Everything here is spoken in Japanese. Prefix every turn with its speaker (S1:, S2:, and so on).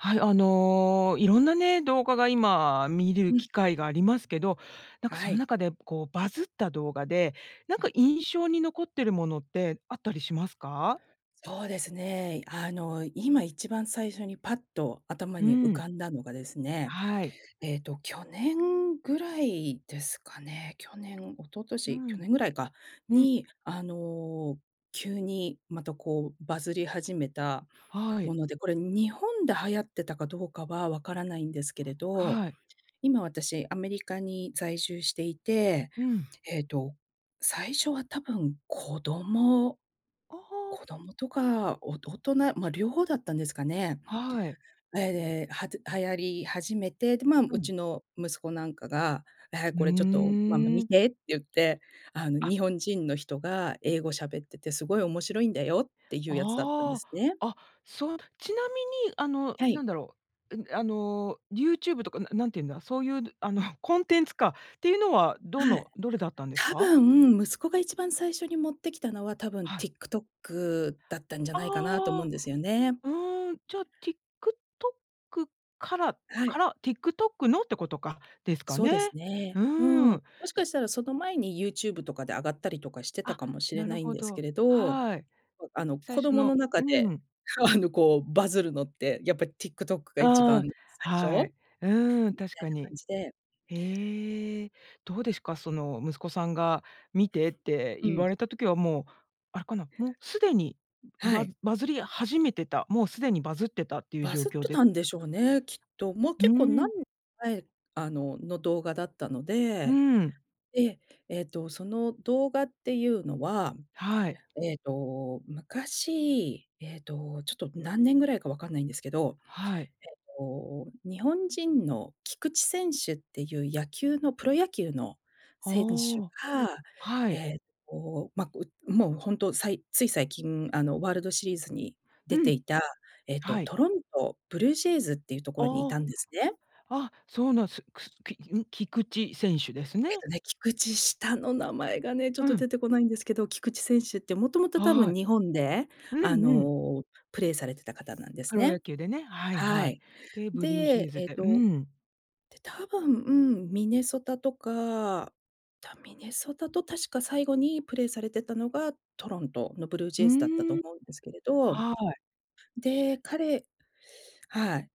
S1: はい、あの色んなね、動画が今見れる
S2: うん。
S1: 機会がありますけど、なんかそ
S2: は
S1: の
S2: い。
S1: 中で、こうバズった動画で、なん
S2: う
S1: か
S2: ん。
S1: 印象に残ってるものって、あったりしますか？
S2: そうですね、あの今一番最初に、パッと頭
S1: う
S2: に浮
S1: ん。
S2: かんだのがですね、
S1: はい。
S2: ええと、去年ぐらいですかね。去年、一昨
S1: う
S2: 年、去
S1: ん。
S2: 年ぐらいか
S1: うん。
S2: に、あの急に、またこうバズり始めた
S1: は
S2: も
S1: い。
S2: ので、これ日本で流行ってたかどうかはわからないんですけれど、
S1: はい。
S2: 今私、アメリカに在住していて、
S1: うん。
S2: ええと最初は、多分子供
S1: ああ。
S2: 子供とか、お大人、ま、両方だったんですかね。
S1: はい。
S2: え、で、はつ流行り始めて、で、ま、
S1: う
S2: う
S1: ん。
S2: ちの息子なんかが、「ええ、
S1: う
S2: これちょっとママ
S1: ー
S2: 見
S1: ん。
S2: て」って言って、あの
S1: あ。
S2: 日本人の人が、英語喋ってて、すごい面白いんだよっていうやつだったんで
S1: あ
S2: すね。
S1: あ、あ、そう、ちなみにあの、
S2: はい。
S1: なんだろう、うん、あの YouTube とか、な何てんだ、そういうあの、コンテンツか。っていうのは、ど
S2: はい。
S1: のどれだったんです
S2: 多
S1: か？
S2: 分、息子が一番最初に持ってきたのは、多分
S1: はい。
S2: TikTok だったんじゃないかな、と思う
S1: あ
S2: ん
S1: あ。
S2: ですよね。
S1: うーん、じゃ TikTok から
S2: は
S1: か
S2: い。
S1: ら、TikTok のってことか、ですか
S2: そう
S1: ね。
S2: ですね。
S1: う
S2: うん。
S1: ー
S2: も
S1: ん。
S2: しかしたらその前に、YouTube とかで上がったりとかしてた
S1: あ、
S2: かもしれ
S1: な
S2: な
S1: る
S2: いん
S1: ほ
S2: ですけ
S1: ど。
S2: れど、
S1: はい。
S2: あの
S1: 最
S2: 子
S1: 初
S2: 供
S1: の
S2: の中
S1: う
S2: で、
S1: ん。
S2: あのこうバズるのって、やっぱ TikTok が一
S1: う
S2: 番
S1: ん、
S2: 最初
S1: は
S2: み
S1: い。
S2: た
S1: うーん、確か
S2: いな
S1: に。
S2: 感じで
S1: へえ、どうですか？その息子さんが見てって
S2: う
S1: 言
S2: ん。
S1: われた時はもう、あれかな、もう既に、
S2: は
S1: バ
S2: い。
S1: バズり始めてた、もう既にバズってたっていう
S2: バ
S1: 状
S2: ズっ
S1: 況
S2: て
S1: です
S2: たんでしょうね、きっと。もう
S1: う
S2: 結構、
S1: ー
S2: 何
S1: ん。
S2: ええ、あの、の動画だったの
S1: う
S2: で。
S1: ん。
S2: で、ええと、その動画っていうのは、
S1: はい。
S2: ええと、昔、ええと、ちょっと何年ぐらいかわかんないんですけど。え
S1: はい。
S2: っと、日本人の菊池選手っていう、野球のプロ野球の
S1: あ
S2: 選手
S1: あ、
S2: が、
S1: はい。
S2: えっと、ま、う、もうほんと、さいつい最近、あのワールドシリーズに
S1: う
S2: 出て
S1: ん、
S2: いた、えっと
S1: はい。
S2: トロントブルージェイズっていうところにい
S1: あ
S2: た
S1: あ。
S2: んですね。
S1: あ、そうなんすくきん？菊池選手ですね。
S2: えっとね、菊池下の名前がね、ちょっ
S1: う
S2: と
S1: ん。
S2: 出てこないんですけど。菊池選手って元々多
S1: は
S2: 分
S1: い。
S2: 日本で、
S1: う
S2: あ
S1: んうん。
S2: の、プレーされてた方なんです
S1: プロ
S2: ね。
S1: 野球でね、はい
S2: は
S1: はい。
S2: い。
S1: で、ブルージェイ
S2: で、
S1: ズ
S2: ええ
S1: で、う
S2: と
S1: ん。
S2: で、多分ミネソタとか、たミネソタと確か最後にプレイされてたのが、トロントのブルージ
S1: う
S2: ェイズだったと
S1: ーん、
S2: 思うんですけれど。
S1: はい。
S2: で、彼はい。